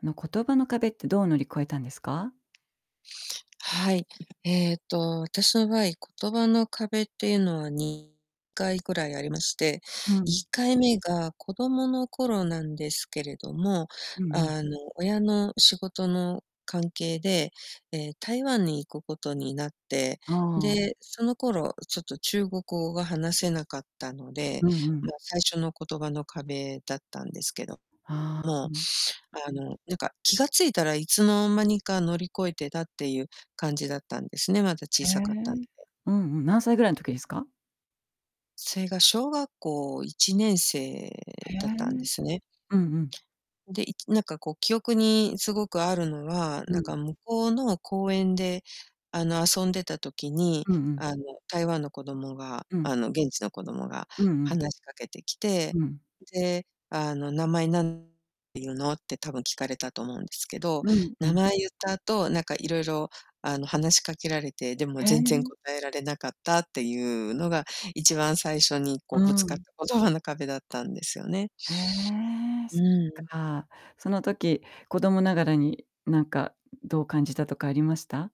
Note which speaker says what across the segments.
Speaker 1: あの言葉の壁ってどう乗り越えたんですか？
Speaker 2: はい。えっと、私の場合、言葉の壁っていうのは2回ぐらいありまして、
Speaker 1: う
Speaker 2: い
Speaker 1: ん。
Speaker 2: っかいめが子供の頃なんですけれども、
Speaker 1: うんうん。
Speaker 2: あの、親の仕事の関係で、え、台湾に行くことになって、
Speaker 1: ああ。
Speaker 2: で、その頃ちょっと中国語が話せなかったので、
Speaker 1: うんうん。
Speaker 2: まあ、最初の言葉の壁だったんですけど。
Speaker 1: あ
Speaker 2: もう
Speaker 1: あ。
Speaker 2: あのなんか気が付いたらいつの間にか乗り越えてたっていう感じだったんですね、まだ
Speaker 1: へ
Speaker 2: 小
Speaker 1: え。
Speaker 2: さかったんで。
Speaker 1: うんうん、何歳ぐらいの時ですか？
Speaker 2: それが小学校いちねんせ
Speaker 1: へ
Speaker 2: い
Speaker 1: え。
Speaker 2: だったんですね。
Speaker 1: うんうん。
Speaker 2: で、いきなんかこう記憶にすごくあるのは、
Speaker 1: う
Speaker 2: なん
Speaker 1: ん。
Speaker 2: か向こうの公園であの遊んでた時に、
Speaker 1: うんうん。
Speaker 2: あの台湾の子供が
Speaker 1: うん。
Speaker 2: あの現地の子供が
Speaker 1: うんうん。
Speaker 2: 話しかけてきて、
Speaker 1: うん。
Speaker 2: で、あの「名前何ていうの？」って多分聞かれたと思うんですけど、
Speaker 1: うん、う
Speaker 2: 名
Speaker 1: ん。
Speaker 2: 前言った後なんかいろいろあの話しかけられて、でも
Speaker 1: へ
Speaker 2: 全然
Speaker 1: え。
Speaker 2: 答えられなかったっていうのが一番最初にこ
Speaker 1: う
Speaker 2: うぶつかっ
Speaker 1: ん。
Speaker 2: た言葉の壁だったんですよね。
Speaker 1: へえ、そ
Speaker 2: う
Speaker 1: っ
Speaker 2: ん。
Speaker 1: か。その時、子供ながらになんかどう感じたとかありました？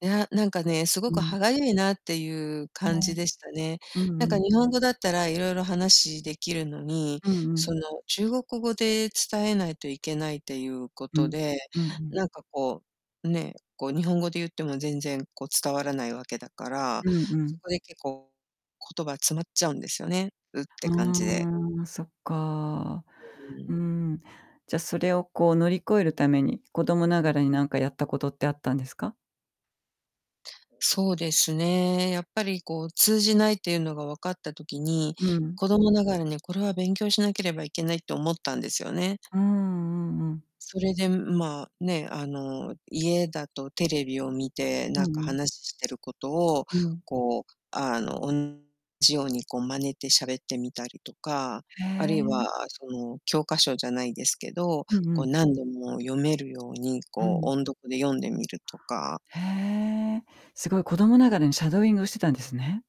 Speaker 2: いや、なんかね、すご
Speaker 1: う
Speaker 2: く
Speaker 1: ん。
Speaker 2: 歯がゆいなっていう
Speaker 1: う
Speaker 2: 感じ
Speaker 1: ん。
Speaker 2: でしたね。
Speaker 1: う
Speaker 2: なん
Speaker 1: んう
Speaker 2: か
Speaker 1: ん。
Speaker 2: 日本語だったらいろいろ話できるのに、
Speaker 1: うんう
Speaker 2: そ
Speaker 1: ん。
Speaker 2: の中国語で伝えないといけないっていうこ
Speaker 1: う
Speaker 2: と
Speaker 1: ん、
Speaker 2: で、
Speaker 1: うんうん。
Speaker 2: なんかこう、ね、こう日本語で言っても全然こう伝わらないわけだから、
Speaker 1: うんう
Speaker 2: そ
Speaker 1: ん。
Speaker 2: こで結構言葉詰まっちゃうんですよね、「うっ」て感じで。
Speaker 1: あ、そっか。
Speaker 2: うん。
Speaker 1: ん。じゃ、それをこう乗り越えるために、子供ながらになんかやったことってあったんですか？
Speaker 2: そうですね、やっぱりこう通じないっていうのが分かった時に、
Speaker 1: うん。
Speaker 2: 子供ながらにこれは勉強しなければいけないと思ったんですよね。
Speaker 1: うーん、うんうん。
Speaker 2: それで、ん、まあ、ね、あの家だとテレビを見て
Speaker 1: う
Speaker 2: なん
Speaker 1: ん
Speaker 2: か
Speaker 1: うん。
Speaker 2: 話してることを、
Speaker 1: うん。
Speaker 2: こう、あの、同じようにこう真似て喋ってみたりとか、
Speaker 1: へ
Speaker 2: あるい
Speaker 1: え。
Speaker 2: はその教科書じゃないですけど、
Speaker 1: うんう
Speaker 2: こう
Speaker 1: ん。
Speaker 2: 何度も読めるように
Speaker 1: う
Speaker 2: こう
Speaker 1: ん。
Speaker 2: 音読で読んでみるとか
Speaker 1: へえ。すごい子供ながらにシャドーイングをしてたんですね。